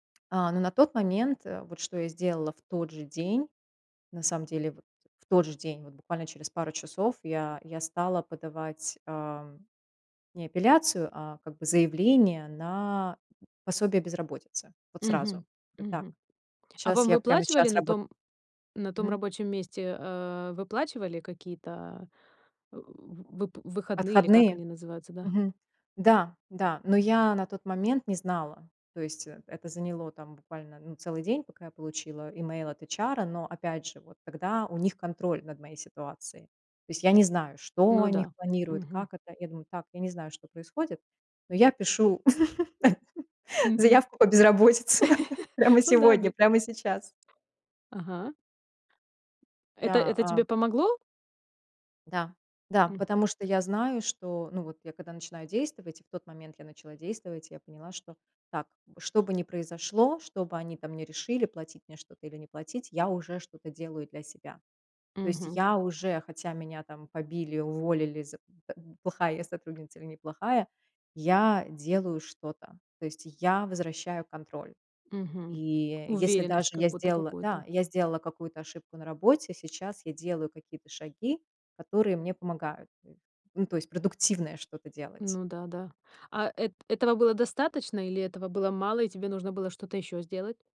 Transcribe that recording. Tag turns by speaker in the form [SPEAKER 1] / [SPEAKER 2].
[SPEAKER 1] А, но на тот момент, э, вот, что я сделала в тот же день, на самом деле, вот в тот же день, вот буквально через пару часов я я стала подавать, а, не апелляцию, а как бы заявление на пособие безработицы. Вот сразу.
[SPEAKER 2] Мгм.
[SPEAKER 1] Э, так.
[SPEAKER 2] Мгм. А
[SPEAKER 1] Щас
[SPEAKER 2] вам
[SPEAKER 1] я прямо
[SPEAKER 2] выплачивали
[SPEAKER 1] щас
[SPEAKER 2] на
[SPEAKER 1] рабо
[SPEAKER 2] том на том
[SPEAKER 1] Мгм.
[SPEAKER 2] рабочем месте, э, выплачивали какие-то, вып вып выходные или как
[SPEAKER 1] Отходные?
[SPEAKER 2] они называются, да?
[SPEAKER 1] Мгм. Да, да. Но я на тот момент не знала. То есть, э это заняло, там, буквально, ну, целый день, пока я получила имейл от ЭйчАра. Но, опять же, вот тогда у них контроль над моей ситуацией. То есть, я не знаю, что
[SPEAKER 2] Ну
[SPEAKER 1] они х
[SPEAKER 2] да.
[SPEAKER 1] планируют,
[SPEAKER 2] Мгм.
[SPEAKER 1] как это. Я думаю: "Так, я не знаю, что происходит, но я пишу
[SPEAKER 2] Мгм.
[SPEAKER 1] заявку по безработице прямо
[SPEAKER 2] Ну да,
[SPEAKER 1] сегодня,
[SPEAKER 2] бе
[SPEAKER 1] прямо сейчас".
[SPEAKER 2] Ага. Это
[SPEAKER 1] Да,
[SPEAKER 2] это
[SPEAKER 1] а
[SPEAKER 2] тебе помогло?
[SPEAKER 1] Да, да,
[SPEAKER 2] М.
[SPEAKER 1] потому что я знаю, что ну вот, я когда начинаю действовать, и в тот момент я начала действовать, я поняла, что: так, чтобы не произошло, чтобы они там не решили платить мне что-то или не платить, я уже что-то делаю для себя. То есть
[SPEAKER 2] Мгм.
[SPEAKER 1] я уже, хотя меня там побили, уволили, з т плохая я сотрудница или неплохая, я делаю что-то. То есть я возвращаю контроль.
[SPEAKER 2] Мгм.
[SPEAKER 1] И, если даже
[SPEAKER 2] Уверенность, как
[SPEAKER 1] я
[SPEAKER 2] будто
[SPEAKER 1] сделала да,
[SPEAKER 2] какую-то.
[SPEAKER 1] я сделала какую-то ошибку на работе, сейчас я делаю какие-то шаги, которые мне помогают, эш Ну, то есть продуктивное что-то делать.
[SPEAKER 2] Ну да-да. А эт этого было достаточно или этого было мало, и тебе нужно было что-то ещё сделать?